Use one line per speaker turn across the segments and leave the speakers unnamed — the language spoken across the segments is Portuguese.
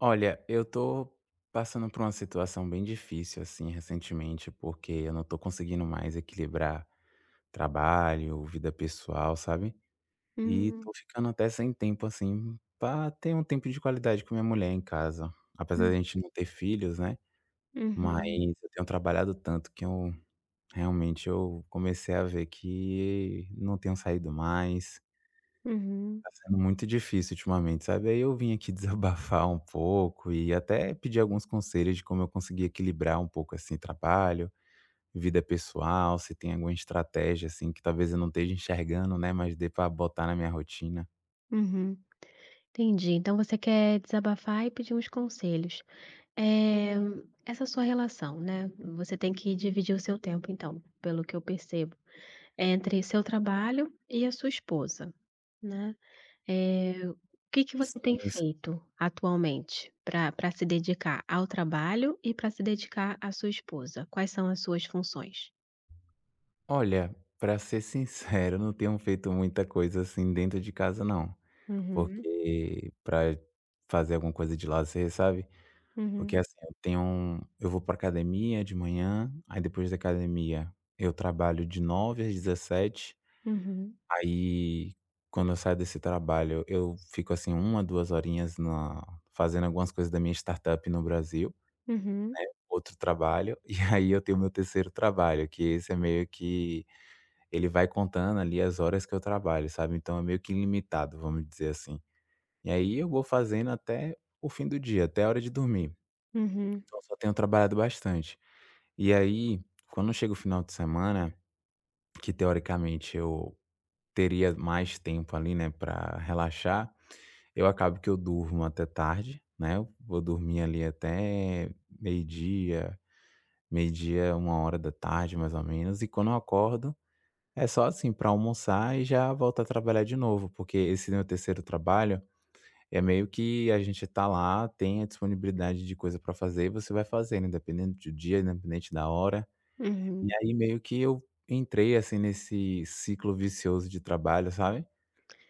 Olha, eu tô passando por uma situação bem difícil, assim, recentemente, porque eu não tô conseguindo mais equilibrar trabalho, vida pessoal, sabe, e
Hum.
tô ficando até sem tempo, assim, pra ter um tempo de qualidade com minha mulher em casa, apesar da
Hum.
gente não ter filhos, né, mas
Uhum.
eu tenho trabalhado tanto que eu realmente eu comecei a ver que não tenho saído mais
Uhum.
Tá sendo muito difícil ultimamente, sabe, aí eu vim aqui desabafar um pouco e até pedir alguns conselhos de como eu conseguir equilibrar um pouco assim trabalho, vida pessoal, se tem alguma estratégia, assim, que talvez eu não esteja enxergando, né, mas dê pra botar na minha rotina?
Uhum, entendi, então você quer desabafar e pedir uns conselhos, eh, essa sua relação, né, você tem que dividir o seu tempo então, pelo que eu percebo, entre seu trabalho e a sua esposa, né, eh, o que que você
Sim,
tem
sim.
feito atualmente pra pra se dedicar ao trabalho e pra se dedicar à sua esposa? Quais são as suas funções?
Olha, pra ser sincero, não tenho feito muita coisa, assim, dentro de casa, não.
Uhum.
Porque pra fazer alguma coisa de lazer, sabe. Porque,
Uhum.
assim, eu tenho um eu vou pra academia de manhã, aí depois da academia eu trabalho de 09:00 às 17:00.
Uhum.
Aí, quando eu saio desse trabalho, eu fico, assim, 1, 2 horinhas na fazendo algumas coisas da minha startup no Brasil,
Uhum.
né. Outro trabalho. E aí eu tenho meu terceiro trabalho, que esse é meio que, ele vai contando ali as horas que eu trabalho, sabe. Então é meio que ilimitado, vamo dizer assim. E aí eu vou fazendo até o fim do dia, até a hora de dormir.
Uhum.
Então só tenho trabalhado bastante. E aí, quando chega o final de semana, que teoricamente eu teria mais tempo ali, né, pra relaxar, eu acabo que eu durmo até tarde, né. Vou dormir ali até meio dia, meio dia, 13:00, mais ou menos. E quando eu acordo, é só, assim, pra almoçar e já volto a trabalhar de novo, porque esse meu terceiro trabalho, é meio que a gente tá lá, tem a disponibilidade de coisa pra fazer e você vai fazendo, independente de dia, independente da hora. E
Uhum.
aí, meio que eu entrei, assim, nesse ciclo vicioso de trabalho, sabe?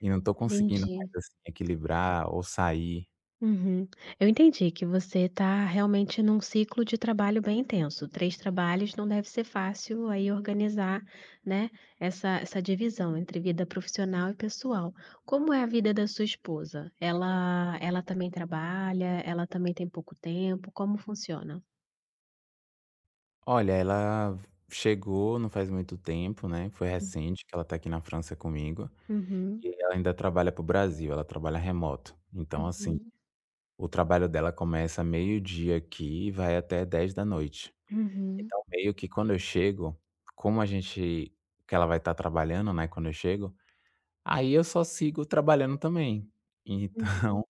E não tô conseguindo mais,
Entendi.
assim, equilibrar ou sair.
Uhum. Eu entendi que você tá realmente num ciclo de trabalho bem intenso. 3 trabalhos não deve ser fácil aí organizar, né, essa essa divisão entre vida profissional e pessoal. Como é a vida da sua esposa? Ela ela também trabalha, ela também tem pouco tempo, como funciona?
Olha, ela chegou não faz muito tempo, né. Foi
Hum.
recente que ela tá aqui na França comigo
Uhum.
e ela ainda trabalha pro Brasil, ela trabalha remoto. Então assim,
Uhum.
o trabalho dela começa meio-dia aqui e vai até 22h.
Uhum.
Então meio que quando eu chego, como a gente que ela vai tá trabalhando, né, quando eu chego, aí eu só sigo trabalhando também.
Uhum.
Então,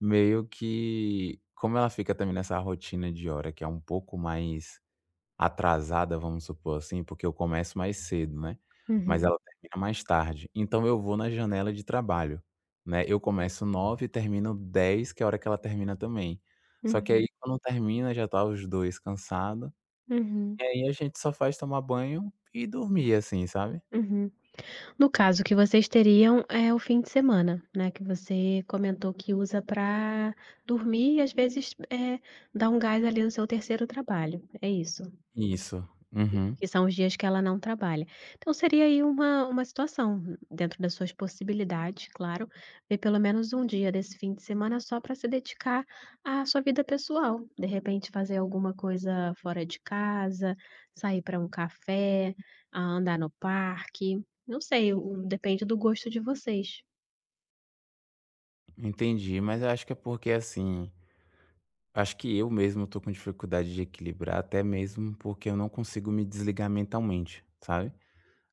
meio que como ela fica também nessa rotina de hora que é um pouco mais atrasada, vamos supor assim, porque eu começo mais cedo, né? Mas
Uhum.
ela termina mais tarde. Então eu vou na janela de trabalho, né? Eu começo 9h, termino 22h, que é a hora que ela termina também. Só que aí
Uhum.
quando termina, já tá os dois cansado.
Uhum.
E aí a gente só faz tomar banho e dormir, assim, sabe?
Uhum. No caso que vocês teriam é o fim de semana, né, que você comentou que usa pra dormir e às vezes, eh, dar um gás ali no seu terceiro trabalho, é isso?
Isso. Uhum.
Que são os dias que ela não trabalha. Então seria aí uma uma situação dentro das suas possibilidades, claro, ter pelo menos um dia desse fim de semana só pra se dedicar à sua vida pessoal. De repente, fazer alguma coisa fora de casa, sair pra um café, hã, andar no parque, não sei, o, depende do gosto de vocês.
Entendi, mas acho que é porque, assim, acho que eu mesmo estou com dificuldade de equilibrar, até mesmo porque eu não consigo me desligar mentalmente, sabe.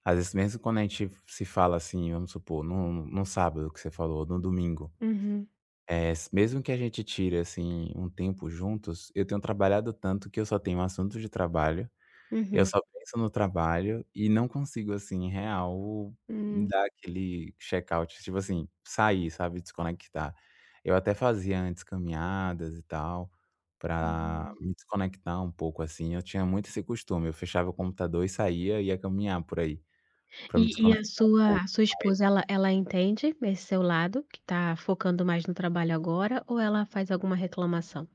Às vezes, mesmo quando a gente se fala, assim, vamos supor, em um em um sábado que você falou ou em um domingo.
Uhum.
Eh, s mesmo que a gente tire, assim, um tempo juntos, eu tenho trabalhado tanto que eu só tenho assunto de trabalho, eu
Uhum.
só penso no trabalho e não consigo, assim, real
Hum.
dar aquele check out, tipo assim, sair, sabe, desconectar. Eu até fazia antes, caminhadas e tal pra
Uhum.
me desconectar um pouco, assim, eu tinha muito esse costume, eu fechava o computador e saía, ia caminhar por aí, pra me
E e a
desconectar um
sua
pouco,
a sua
mas
esposa, ela ela entende esse seu lado que tá focando mais no trabalho agora, ou ela faz alguma reclamação?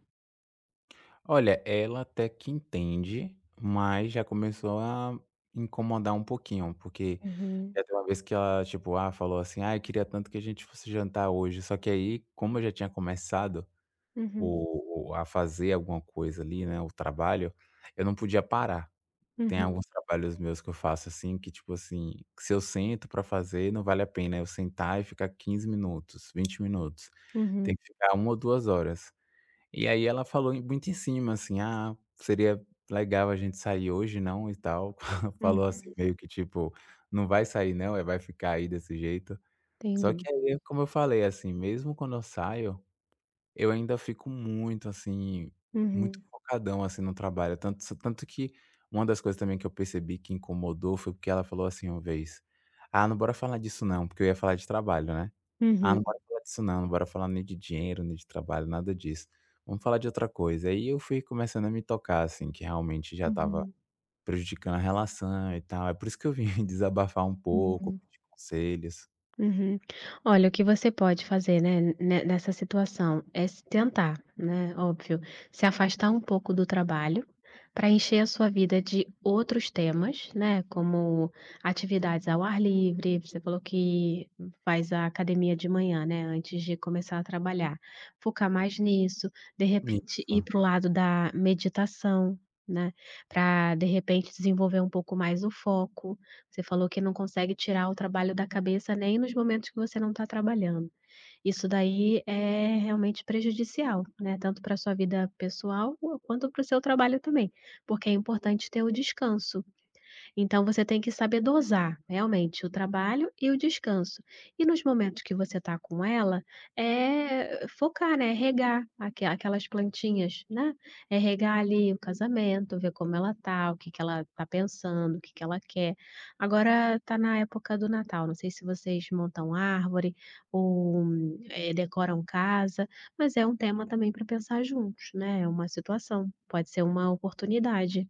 Olha, ela até que entende, mas já começou a incomodar um pouquinho, porque
Uhum.
já teve uma vez que ela, tipo, ah, falou assim: "Ai, queria tanto que a gente fosse jantar hoje". Só que aí, como eu já tinha começado
Uhum.
o o a fazer alguma coisa ali, né, o trabalho, eu não podia parar. Tem
Uhum.
alguns trabalhos meus que eu faço, assim, que, tipo assim, que se eu sento pra fazer, não vale a pena eu sentar e ficar 15 minutos, 20 minutos.
Uhum.
Tem que ficar 1 ou 2 horas. E aí ela falou em muito em cima, assim: "Ah, seria legal a gente sair hoje, não? E tal". Falou, assim,
Uhum.
meio que tipo: "Não vai sair, não, é? Vai ficar aí desse jeito?" Só que
Entendi.
aí, como eu falei, assim, mesmo quando eu saio, eu ainda fico muito, assim, muito
Uhum.
focadão, assim, no trabalho, tanto se tanto que uma das coisas também que eu percebi que incomodou foi porque ela falou assim uma vez: "Ah, não. Bora falar disso não." Porque eu ia falar de trabalho, né? "Ah,
Uhum.
não. Bora falar disso não, não bora falar nem de dinheiro, nem de trabalho, nada disso. Vamo falar de outra coisa." Aí eu fui começando a me tocar, assim, que realmente já tava
Uhum.
prejudicando a relação e tal. É por isso que eu vim desabafar um pouco,
Uhum.
pedir conselhos.
Uhum. Olha, o que você pode fazer, né, ne nessa situação é se tentar, né. Óbvio, se afastar um pouco do trabalho pra encher a sua vida de outros temas, né, como: atividades ao ar livre, você falou que faz a academia de manhã, né, antes de começar a trabalhar, focar mais nisso. De repente, ir
Isso.
para o lado da meditação, né, pra de repente desenvolver um pouco mais o foco, você falou que não consegue tirar o trabalho da cabeça nem nos momentos que você não tá trabalhando, isso daí é realmente prejudicial, né, tanto pra sua vida pessoal quanto para o seu trabalho também. Porque é importante ter o descanso, então você tem que saber dosar realmente o trabalho e o descanso e nos momentos que você tá com ela, eh, focar, né, regar aque aquelas plantinhas, né. É regar ali o casamento, ver como ela tá, o que que ela tá pensando, o que que ela quer. Agora tá na época do Natal, não sei se vocês montam árvore ou, eh, decoram casa, mas é um tema também pra pensar juntos, né, é uma situação, pode ser uma oportunidade.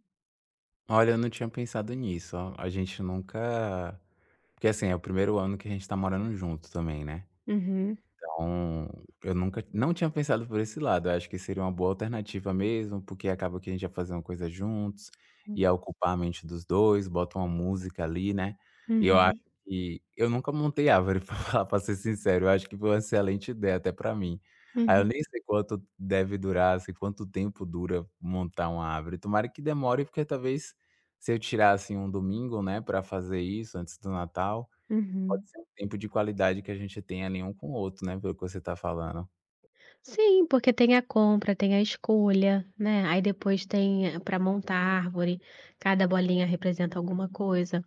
Olha, eu não tinha pensado nisso. A gente nunca porque assim, é o 1º ano que a gente tá morando junto também, né.
Uhum.
Então, eu nunca não tinha pensado por esse lado. Acho que seria uma boa alternativa mesmo, porque acaba que a gente ia fazendo coisa juntos,
Hum.
ia ocupar a mente dos dois, bota uma música ali, né. E eu acho
Uhum.
que eu nunca montei árvore, pra falar pra ser sincero. Eu acho que foi uma excelente ideia até pra mim. Aí eu
Uhum.
nem sei quanto deve durar, assim, quanto tempo dura montar uma árvore. Tomara que demore, porque talvez se eu tirasse um domingo, né, pra fazer isso antes do Natal,
Uhum.
pode ser um tempo de qualidade que a gente tenha ali um com o outro, né, pelo que você tá falando.
Sim, porque tem a compra, tem a escolha, né, aí depois tem pra montar a árvore, cada bolinha representa alguma coisa.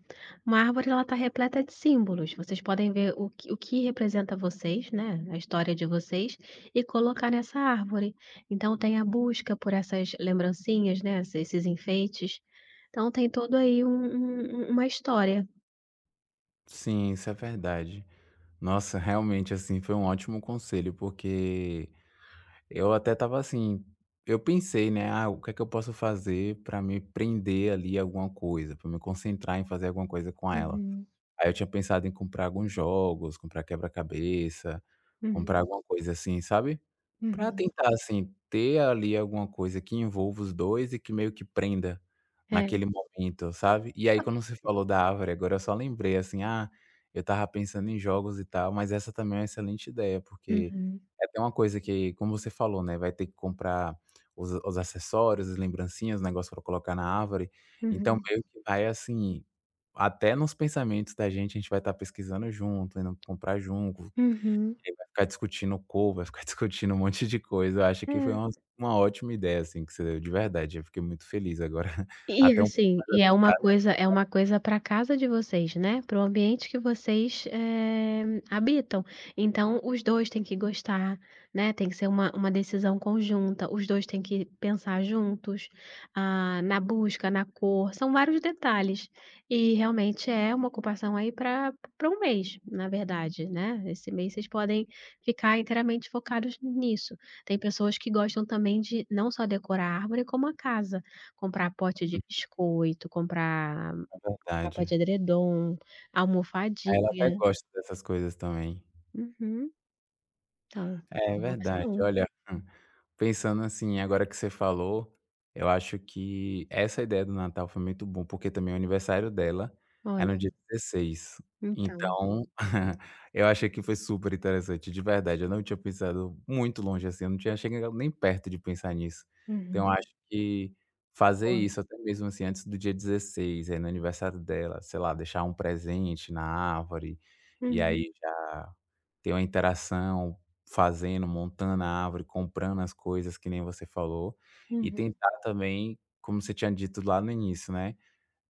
Uma árvore ela tá repleta de símbolos, vocês podem ver o que o que representa vocês, né, a história de vocês e colocar nessa árvore. Então tem a busca por essas lembrancinhas, né, esse esses enfeites. Então tem todo aí um um uma história.
Sim, isso é verdade. Nossa, realmente assim, foi um ótimo conselho, porque eu até tava assim, eu pensei, né: "Ah, o que que eu posso fazer pra me prender ali alguma coisa, pra me concentrar em fazer alguma coisa com ela".
Uhum.
Aí eu tinha pensado em comprar alguns jogos, comprar quebra-cabeça, comprar
Uhum.
alguma coisa assim, sabe? Pra
Uhum.
tentar assim, ter ali alguma coisa que envolva os dois e que meio que prenda
É.
naquele momento, sabe? E aí quando você
[unintelligible]
falou da árvore agora, eu só lembrei assim: "Ah, eu tava pensando em jogos e tal", mas essa também é uma excelente ideia, porque
Uhum.
é até uma coisa que, como você falou, né, vai ter que comprar os os acessórios, as lembrancinhas, os negócios pra colocar na árvore. Então
Uhum.
meio que vai assim, até nos pensamentos da gente, a gente vai tá pesquisando junto, indo comprar junto.
Uhum.
E vai ficar discutindo cor, vai ficar discutindo um monte de coisa. Acho que foi uma
É.
uma ótima ideia, assim, que você deu, de verdade. Eu fiquei muito feliz agora.
E
Até um pouco
assim,
mais
e é uma
aliviado.
coisa é uma
[unintelligible]
coisa pra casa de vocês, né, para o ambiente que vocês, eh, habitam. Então os 2 têm que gostar, né. Tem que ser uma uma decisão conjunta, os dois têm que pensar juntos, ah, na busca, na cor, são vários detalhes. E realmente é uma ocupação aí pra pra um mês, na verdade, né. Esse mês vocês podem ficar inteiramente focados nisso. Tem pessoas que gostam também de não só decorar a árvore, como a casa, comprar pote de
Uhum.
biscoito, comprar
É
capa de
verdade.
edredom,
Ela até
almofadinha.
gosta dessas coisas também.
Uhum. Então,
É
é uma
verdade.
opção.
Olha, hum, pensando assim, agora que você falou, eu acho que essa ideia do Natal foi muito bom, porque também o aniversário dela é no
Olha!
dia 16.
Então.
Então, eu achei que foi superinteressante, de verdade. Eu não tinha pensado muito longe assim, eu não tinha chegado nem perto de pensar nisso. Então
Uhum.
eu acho que fazer
Olha.
isso, até mesmo assim, antes do dia 16, aí no aniversário dela, sei lá, deixar um presente na árvore, e
Uhum.
aí já ter uma interação fazendo, montando a árvore, comprando as coisas que nem você falou. E
Uhum.
tentar também, como você tinha dito lá no início, né,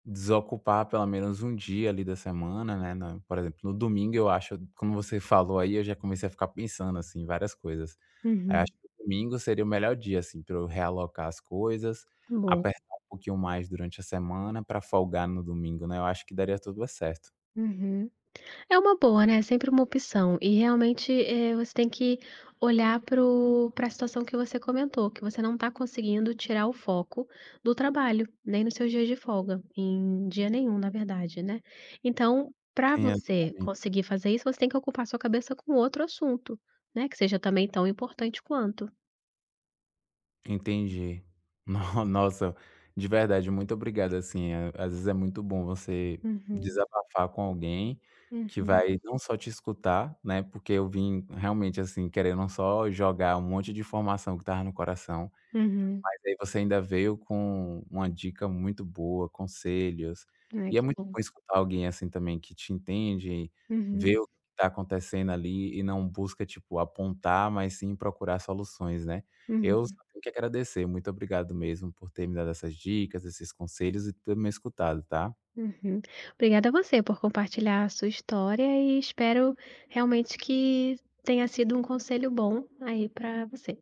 desocupar pelo menos um dia ali da semana, né, na por exemplo, no domingo, eu acho, como você falou aí, eu já comecei a ficar pensando assim em várias coisas. Aí acho
Uhum.
que domingo seria o melhor dia assim para eu realocar as coisas,
Boa!
apertar um pouquinho mais durante a semana pra folgar no domingo, né, eu acho que daria tudo certo.
Uhum. É uma boa, né, sempre uma opção. E realmente, eh, você tem que olhar para o pra situação que você comentou, que você não tá conseguindo tirar o foco do trabalho. Nem nos seus dias de folga, em dia nenhum, na verdade, né. Então, pra
Sim,
você
exatamente.
conseguir fazer isso, você tem que ocupar sua cabeça com outro assunto, né, que seja também tão importante quanto.
Entendi. No nossa, de verdade, muito obrigado assim, a às vezes é muito bom você
Uhum.
desabafar com alguém que
Uhum.
vai, não só te escutar, né. Porque eu vim realmente assim, querendo só jogar um monte de informação que estava no coração,
Uhum.
mas aí você ainda veio com uma dica muito boa, conselhos.
Ai,
E é
que
muito
bom.
bom escutar alguém assim também que te entende, vê
Uhum.
o que que tá acontecendo ali e não busca, tipo, apontar, mas sim procurar soluções, né. Eu só
Uhum.
tenho que agradecer, muito obrigado mesmo por ter me dado essas dicas, esses conselhos e ter me escutado, tá?
Uhum. Obrigada você por compartilhar a sua história e espero realmente que tenha sido um conselho bom aí pra você.